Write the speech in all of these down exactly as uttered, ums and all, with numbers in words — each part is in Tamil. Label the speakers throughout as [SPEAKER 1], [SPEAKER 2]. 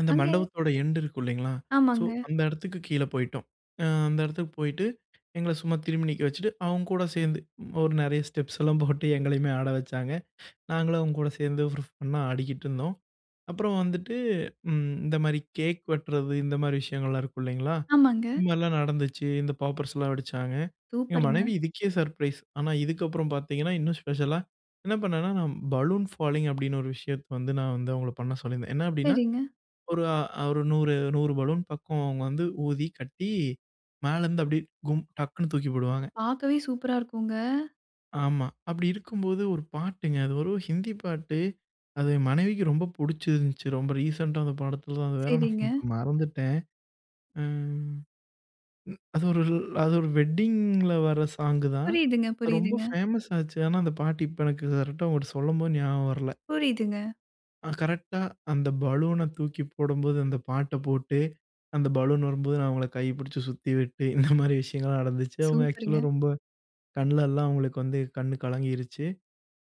[SPEAKER 1] அந்த
[SPEAKER 2] அங்க
[SPEAKER 1] மண்டபத்தோட எண்ட் இருக்கு இல்லைங்களா, ஸோ
[SPEAKER 2] ஆமாங்க.
[SPEAKER 1] அந்த இடத்துக்கு கீழ போய்ட்டோம். அ அந்த இடத்துக்கு போயிட்டு, எங்கள சும்மா திரும்பி நிக்க வச்சுட்டு. அவங்க கூட சேர்ந்து ஒரு நிறைய ஸ்டெப்ஸ்லாம் போட்டு எங்களையுமே ஆட வச்சாங்க. நாங்களும் அவங்க கூட சேர்ந்து ஃபண்ணா ஆடிட்டு இருந்தோம். அப்புறம் வந்துட்டு இந்த மாதிரி கேக் வெட்டுறது இந்த மாதிரி விஷயங்கள்லாம் இருக்கு இல்லைங்களா,
[SPEAKER 2] ஆமாங்க.
[SPEAKER 1] இந்த மாதிரிலாம் நடந்துச்சு. இந்த பாப்பர்ஸ்லாம் வெடிச்சாங்க. எங்க
[SPEAKER 2] சூப்பர்ங்க.
[SPEAKER 1] மனைவி இதுக்கே சர்ப்ரைஸ். ஆனா இதுக்கப்புறம் பார்த்தீங்கன்னா இன்னும் ஸ்பெஷலா என்ன பண்ணேன்னா நான் "பலூன் ஃபாலிங்" அப்படின்னு ஒரு விஷயத்த வந்து நான் வந்து அவங்கள பண்ண சொல்லியிருந்தேன். என்ன அப்படின்னா
[SPEAKER 2] சரிங்க.
[SPEAKER 1] ஒரு நூறு, நூறு பலூன் பக்கம் அவங்க வந்து ஊதி கட்டி மேல இருந்து அப்படியே கும் டக்குனு தூக்கி போடுவாங்க.
[SPEAKER 2] பாக்கவே சூப்பர்ரா இருக்குங்க.
[SPEAKER 1] ஆமா. அப்படி இருக்கும்போது ஒரு பாட்டுங்க. அது வெறும் ஹிந்தி பாட்டு. அது மனைவிக்கு ரொம்ப பிடிச்சிருந்துச்சு ரொம்ப ரீசென்ட்டா வந்த படத்தில தான் அது வேற நான்
[SPEAKER 2] சரிங்க.
[SPEAKER 1] மறந்துட்டேன். ம் அது ஒரு அது ஒரு வெட்டிங்கில வர சாங் தான்.
[SPEAKER 2] புரியுதுங்க
[SPEAKER 1] ரொம்ப
[SPEAKER 2] புரியுதுங்க.
[SPEAKER 1] ஃபேமஸ் ஆச்சு. ஆனா அந்த பாட்டு இப்போ எனக்கு கரெக்ட்டா, ஒரு சொல்லும்போது ஞாபகம் வரல.
[SPEAKER 2] புரியுதுங்க.
[SPEAKER 1] கரெக்ட்டா அந்த பலூன தூக்கி போடும்போது. அந்த பாட்ட போட்டு அந்த பலூன் வரும்போது நான் அவங்கள கை பிடிச்சு சுத்திவிட்டு இந்த மாரி விஷயங்கள்லாம் நடந்துச்சு. அவங்க ஆக்சுவலா
[SPEAKER 2] சூப்பர்ங்க.
[SPEAKER 1] ரொம்ப கண்ல எல்லாம் அவங்களுக்கு வந்து கண் கலங்கிடுச்சு.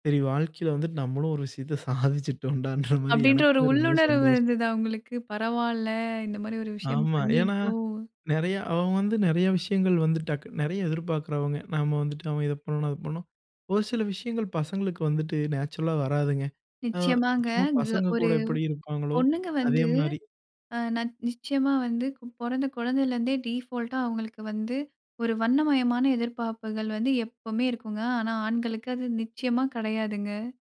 [SPEAKER 1] "சரி வாழ்க்கையில வந்துட்டு நம்மளும் ஒரு விஷயத்த சாதிச்சிட்டோம்ண்டன்ற" மாரி
[SPEAKER 2] அப்படின்ற ஒரு
[SPEAKER 1] எனக்குமே ரொம்ப
[SPEAKER 2] உள்ளுணர்வு
[SPEAKER 1] சந்தோஷம்.
[SPEAKER 2] இருந்தது அவங்களுக்கு. பரவாயில்ல இந்த மாதிரி ஒரு விஷயம்
[SPEAKER 1] ஆமா. ஏன்னா,
[SPEAKER 2] பண்ணிட்டோம்.
[SPEAKER 1] நிறைய அவன் வந்து நிறைய விஷயங்கள் வந்து டக் நிறைய எதிர்பார்க்கிறவங்க. நாம வந்துட்டு அவன் இத பண்ணணும், அத பண்ணும். ஒரு சில விஷயங்கள் பசங்களுக்கு வந்துட்டு நேச்சுரல்லா வராதுங்க.
[SPEAKER 2] நிச்சயமாங்க
[SPEAKER 1] சும்மா
[SPEAKER 2] க
[SPEAKER 1] பசங்க
[SPEAKER 2] ஒரு
[SPEAKER 1] கூட எப்படி இருப்பாங்களோ
[SPEAKER 2] பொண்ணுங்க
[SPEAKER 1] அதே
[SPEAKER 2] வந்து
[SPEAKER 1] மாதிரி.
[SPEAKER 2] நச் நிச்சயமா வந்து பொறந்த குழந்தையிலேருந்தே டிஃபால்ட்டா அவங்களுக்கு வந்து ஒரு வண்ணமயமான எதிர்பார்ப்புகள் வந்து எப்பவுமே இருக்குங்க. ஆனா ஆண்களுக்கு அது நிச்சயமா கிடையாதுங்க.